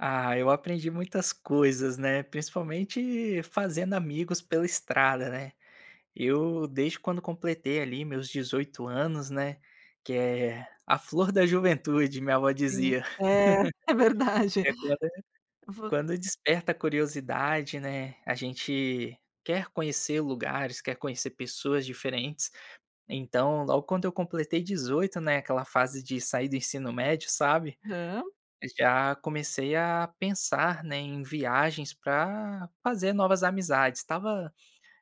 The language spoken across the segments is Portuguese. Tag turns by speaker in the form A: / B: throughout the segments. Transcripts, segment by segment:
A: Ah, eu aprendi muitas coisas, né, principalmente fazendo amigos pela estrada, né. Eu, desde quando completei, ali, meus 18 anos, né, que é a flor da juventude, minha vó
B: Sim.
A: dizia.
B: É, é verdade.
A: [unintelligible]
B: Vo
A: Quando desperta a curiosidade, né, a gente quer conhecer lugares, quer conhecer pessoas diferentes. Então, logo quando eu completei 18, né, aquela fase de sair do ensino médio, sabe,
B: Hã.
A: já comecei a pensar, né, em viagens para fazer novas amizades. Estava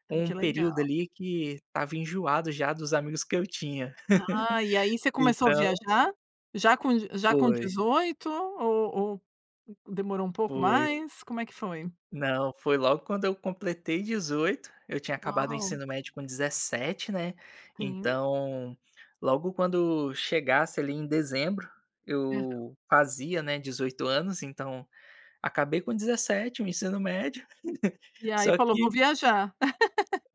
B: Ai,
A: um
B: que legal.
A: período, ali, que estava enjoado já dos amigos que eu tinha.
B: Ah, e aí você começou a
A: Então
B: viajar? Já com d já com
A: Foi.
B: 18, ou ou demorou um pouco
A: Foi.
B: mais? Como é que foi?
A: Não, foi logo quando eu completei 18. Eu tinha acabado o
B: Uau.
A: ensino médio com 17, né,
B: Sim.
A: então logo quando chegasse, ali, em dezembro,
B: Aham.
A: eu fazia, né, 18 anos, então acabei com 17, o ensino médio,
B: E aí
A: só
B: falou: "Vou
A: que
B: viajar".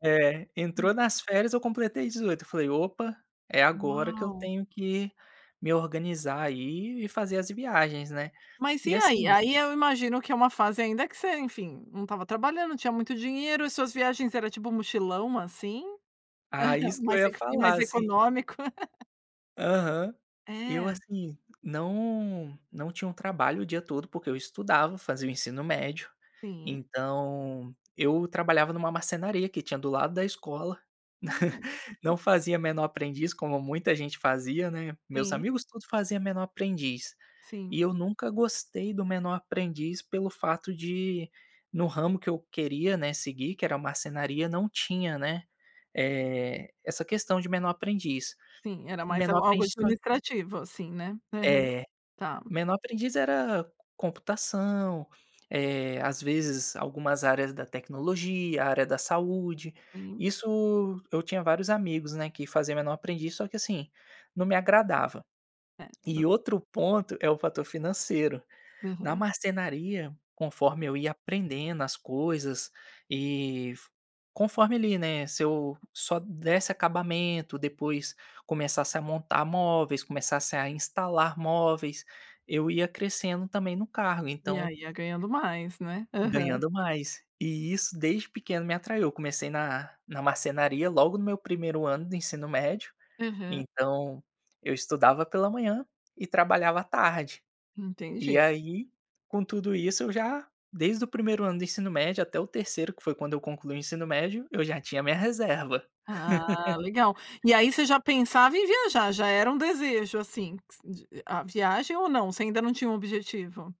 A: É, entrou nas férias, eu completei 18, eu falei: "Opa, é agora que eu
B: Uau.
A: tenho que me organizar, aí, e fazer as viagens, né".
B: Mas
A: E
B: e aí,
A: assim
B: aí eu imagino que é uma fase ainda que você, enfim, não estava trabalhando, não tinha muito dinheiro, e suas viagens era tipo mochilão, assim?
A: Ah, isso que eu
B: Mais
A: ia
B: ec mais
A: falar, assim
B: econômico.
A: Aham. Eu
B: É.
A: assim, não não tinha um trabalho o dia todo, porque eu estudava, fazia o ensino médio.
B: Sim.
A: Então eu trabalhava em uma marcenaria, que tinha do lado da escola.
B: Hum.
A: Não fazia menor aprendiz, como muita gente fazia, né. Meus
B: Sim.
A: amigos todos fazia menor aprendiz,
B: Sim.
A: e eu nunca gostei do menor aprendiz, pelo fato de, no ramo que eu queria, né, seguir, que era a marcenaria, não tinha, né, eh, essa questão de menor aprendiz.
B: Sim, era mais a
A: Menor
B: algo
A: aprendiz só
B: administrativo, assim, né. Aham.
A: É.
B: Tá.
A: Menor aprendiz era computação, eh, às vezes algumas áreas da tecnologia, área da saúde.
B: Sim.
A: Isso, eu tinha vários amigos, né, que faziam menor aprendiz, só que assim, não me agradava.
B: Certo.
A: E outro ponto, é o fator financeiro. Na
B: Aham.
A: marcenaria, conforme eu ia aprendendo as coisas e f conforme, ali, né, se eu só desse acabamento, depois começasse a montar móveis, começasse a instalar móveis, eu ia crescendo também no cargo,
B: E
A: então
B: aí ia ganhando mais, né. Aham.
A: Ganhando mais. E isso desde pequeno me atraiu, eu comecei na na marcenaria, logo no meu 1º ano do ensino médio,
B: Aham.
A: então eu estudava pela manhã e trabalhava à tarde. E
B: Entendi.
A: aí, com tudo isso, eu já, desde o 1º ano do ensino médio até o 3º, que foi quando eu concluí o ensino médio, eu já tinha a minha reserva.
B: Ah, legal. E aí você já pensava em viajar, já era um desejo, assim, q s d a viagem ou não, você ainda não tinha um objetivo?